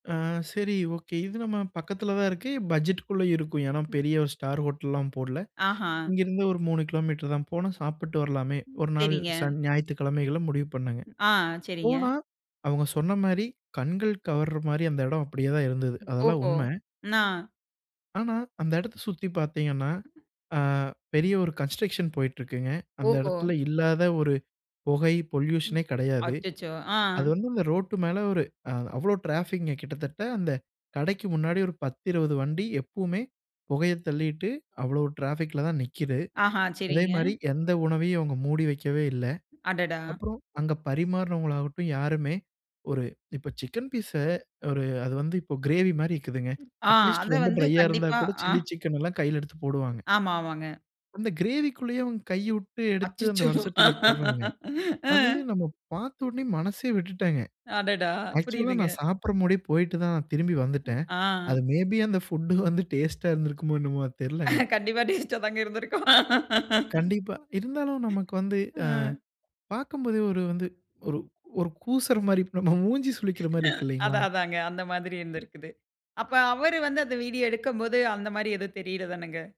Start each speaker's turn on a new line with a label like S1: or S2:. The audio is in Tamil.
S1: அ சரி, ஓகே. இது நம்ம பக்கத்துல தான் இருக்கு. பட்ஜெட்டுக்குள்ள இருக்கும். ஏன்னா,
S2: ம்.
S1: பெரிய 1 ஸ்டார் ஹோட்டல்லாம் போடல.
S2: ஆஹா.
S1: இங்கேருந்து ஒரு 3 கிலோமீட்டர் தான். போனா சாப்பிட்டு வரலாமே.
S2: ம்.
S1: 1 நாள்
S2: சரிங்க.
S1: சன் ஞாயித்துக்கிழமைகள்ல முடிவு பண்ணேங்க.
S2: ம். ஆ, சரிங்க.
S1: போனா, அவங்க சொன்ன மாரி கண்கள் கவர்ற மாரி அந்த இடம் அப்படியே தான் இருந்தது.
S2: ம்.
S1: அதெல்லாம்
S2: ஓஹோ!
S1: உண்ம.
S2: நா.
S1: ஆனா, அந்த இடத்த சுத்தி பார்த்தீங்கன்னா, அ பெரிய ஒரு கன்ஸ்ட்ரக்ஷன் போயிட்டிருக்குங்க. அந்த
S2: ஓஹோ!
S1: இடத்துல இல்லாத ஒரு பொகை,
S2: ம்.
S1: பொல்யூஷனே கெடையாது.
S2: அச்சச்சோ! ஆ.
S1: அது வந்து அந்த ரோட்டு மேல ஒரு அ அவ்வளோ ட்ராஃபிக்குங்க. கிட்டத்தட்ட அந்த கடைக்கு முன்னாடி ஒரு 10, 20 வண்டி எப்பவுமே புகைய தள்ளீட்டு அவ்வளோ ட்ராஃபிக்ல தான் நிக்குது.
S2: ஆஹா. சரிங்க.
S1: அதேமாரி, எந்த உணவையும் அவங்க மூடி வைக்கவே இல்ல.
S2: அடடா!
S1: அப்புறம் அங்க பரிமாறுனவங்களாகட்டும் யாருமே ஒரு இப்ப சிக்கன் பீஸ ஒரு அது வந்து இப்ப கிரேவி மாரி இருக்குதுங்க.
S2: ம். ஆ
S1: அட்லீஸ்ட்
S2: அத
S1: ரொம்ப
S2: வந்து
S1: டிரையா இருந்தா
S2: கண்டிப்பா
S1: கூட,
S2: ஆ.
S1: சில்லி சிக்கன் எல்லாம் கையில எடுத்துப் போடுவாங்க.
S2: ஆமாமாங்க.
S1: அந்த கிரேவிக்குள்ளயே அவங்க கைய உட்டு எடுத்து அந்த
S2: அச்சச்சோ!
S1: வடசட்டியில போடுறாங்க. அது
S2: ம்.
S1: நம்ம பார்த்த உடனே மனசே விட்டுடேங்க.
S2: அடடா!
S1: ஆக்சுவல்லா,
S2: புரியுதுங்க.
S1: நா சாப்புட்ற முடே போய்ட்டு தான் திரும்பி
S2: ம்.
S1: வந்துட்டேன். அது
S2: ஆ.
S1: மே பி அந்த புட் வந்து டேஸ்ட்டா இருந்திருக்குமோ என்னமோ, அது தெர்லங்க.
S2: கண்டிப்பா, டேஸ்டா தாங்க இருந்திருக்கும்.
S1: கண்டிப்பா. இருந்தாலும் நமக்கு வந்து அ
S2: ம்.
S1: பாக்கும்போதே ஒரு வந்து, ஒரு ஒரு கூசுற மாரி, இப்ப நம்ம மூஞ்சி சுளிக்கிற மாரி இருக்கு, இல்லைங்களா?
S2: அதான், அதான்ங்க. அந்த மாதிரி இருந்திருக்குது. அப்ப
S1: அ.
S2: அவரு வந்து அந்த வீடியோ எடுக்கும்போது அந்த மாரி எதுவும் தெரியறது தானங்க.